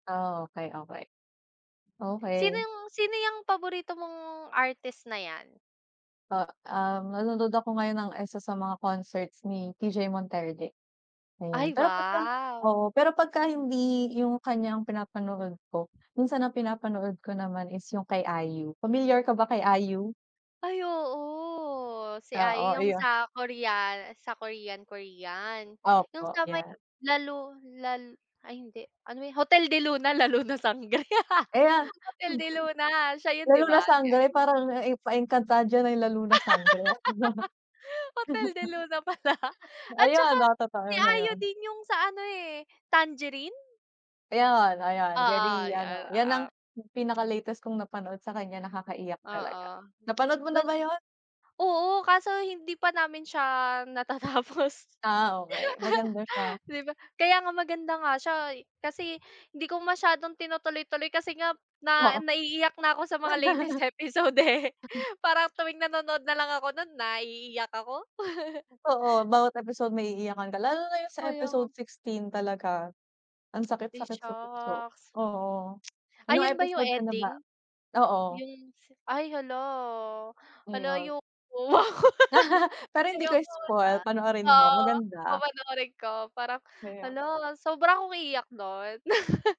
Ah, okey, okey. Sino Okey. yung sino yang paborito mong artist na yan? Ah um, nanonood ako ngayon ng isa sa mga concerts ni TJ Monterde. Ayan, Ay pero pagka wow. oo pero pagka hindi yung kanya yung pinapanood ko, minsan ang pinapanood ko naman is yung kay IU, pamilyar ka ba kay IU? Ay oo, si IU Oo, yung iyon. sa Korea sa Korean-Korean, yung Opo, sa may yan. lalu lal ay hindi, ano ba yun, Hotel de Luna, La Luna Sangre Ayan, Hotel hmm. de Luna, siya yun La di luna ba? sangre Yan. parang na e pa-Encantadia na yung La Luna Sangre, ah. Hotel de Luna pala, at Ayun, saka oo totoo si yun na IU yon. din yung sa ano, eh, Tangerine? Ayan, ayan, Oo, very ano, yun, yan ang oo. pinaka-latest kong napanood sa kanya nakakaiyak talaga. Oo, Napanood mo na dun ba yun? oo kaso hindi pa namin siya natatapos. Ah, okey, maganda siya. Di ba, kaya nga maganda nga siya e kasi hindi ko masyadong tinutuloy-tuloy kasi nga na Oo. naiiyak na ako sa mga latest episode eh. Parang tuwing nanonood na lang ako nun naiiyak ako. Totoo bawat episode may iiyakan ka, lalo na yung sa Kaya episode nga. 16 talaga. Ang Ay sakit-sakit sa puso, shocks. oo Ah, anong yun ba yung episode ka na ba? ending? Oo. Yung ay hala, hala Ayon. ayoko. Pero hindi ko Ayoko spoil, na panoorin mo oo, maganda. papanoorin ko parang Kaya hala, sobra akong iiyak nun?